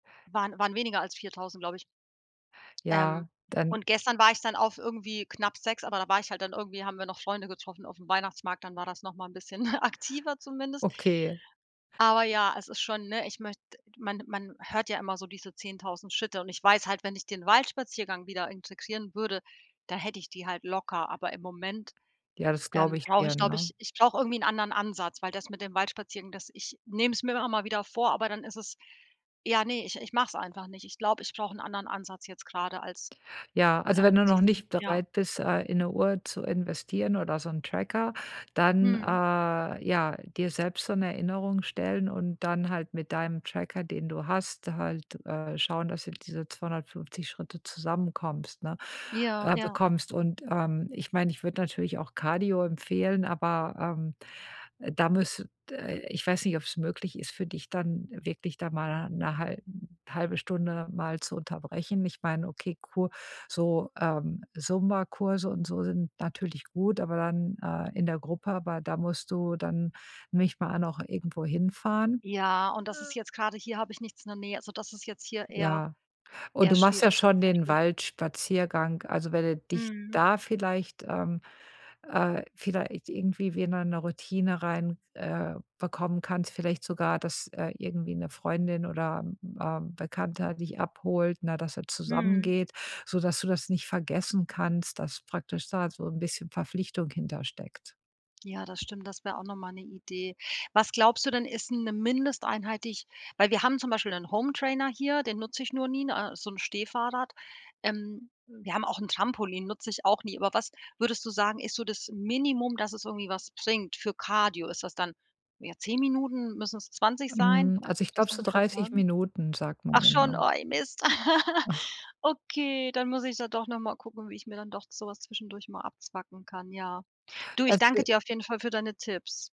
Waren waren weniger als 4.000, glaube ich. Ähm, Ja, dann und gestern war ich dann auf irgendwie, knapp 6, aber da war ich halt dann irgendwie, haben wir noch Freunde getroffen aufm Weihnachtsmarkt, dann war das noch mal bisschen aktiver zumindest. Okay. Aber ja, es ist schon, ne, ich möcht man man hört ja immer so diese 10.000 Schritte und ich weiß halt, wenn ich den Waldspaziergang wieder integrieren würde, da hätte ich die halt locker, aber im Moment, Ja, das glaube ähm, ich brauche dir, ich, glaube ne. ich ich brauche irgendwie 'n anderen Ansatz, weil das mit dem Waldspaziergang, das ich nehme es mir immer mal wieder vor, aber dann ist es ja, ne, ich ich mache es einfach nicht. Ich glaube, ich brauche 'n anderen Ansatz jetzt grade als Ja, also wenn als du noch diesen, nicht ja. bereit bist, äh, in 'ne Uhr zu investieren oder so 'n Tracker, dann, Mhm. äh, ja, dir selbst so 'ne Erinnerung stellen und dann halt mit deinem Tracker, den du hast, halt, äh, schauen, dass du diese 250 Schritte zusammenkommst, ne Ja, äh, ja. bekommst. Und, ähm, ich meine, ich würde natürlich auch Cardio empfehlen, aber, ähm, da müsst äh, ich weiß nicht, ob's möglich ist für dich dann wirklich da mal 'ne hal halbe Stunde mal zu unterbrechen. Ich meine, okay, Ku so, ähm, Zumba-Kurse und so sind natürlich gut, aber dann, äh, in der Gruppe, aber da musst du dann nicht mal noch irgendwo hinfahren. Ja, und das ist [unintelligible] jetzt grade hier habe ich nichts in der Nähe, also das ist jetzt hier eher Ja. Und eher du machst ja schwierig schon den tatsächlich. Waldspaziergang. Also, wenn du dich Mhm. da vielleicht ähm, äh, vielleicht irgendwie wieder 'ne Routine rein äh, bekommen kannst. Vielleicht sogar, dass, äh, irgendwie 'ne Freundin oder, ähm, Bekannter dich abholt, na, dass ihr zusammen Mhm. geht, sodass du das nicht vergessen kannst, dass praktisch da so 'n bisschen Verpflichtung hinter steckt. Ja, das stimmt, das wäre auch noch mal 'ne Idee. Was glaubst du denn, ist 'ne Mindesteinheit die ich weil wir haben zum Beispiel 'nen Hometrainer hier, den nutze ich nur nie, ne? So 'n Stehfahrrad. Ähm, wir haben auch 'n Trampolin. Nutze ich auch nie, aber was, würdest du sagen, ist so das Minimum, dass es irgendwie was bringt, für Cardio? Ist das dann, ja, 10 Minuten, müssen es 20 sein? Hm, also, Kannst du ich das glaube so ungefähr 30 sagen? Minuten sagt man Ach dann, schon, ne? oh, ey Mist. Okay, dann muss ich da doch noch mal gucken, wie ich mir dann doch so was zwischendurch mal abzwacken kann, ja. Du, ich danke [unintelligible] dir auf jeden Fall für deine Tipps.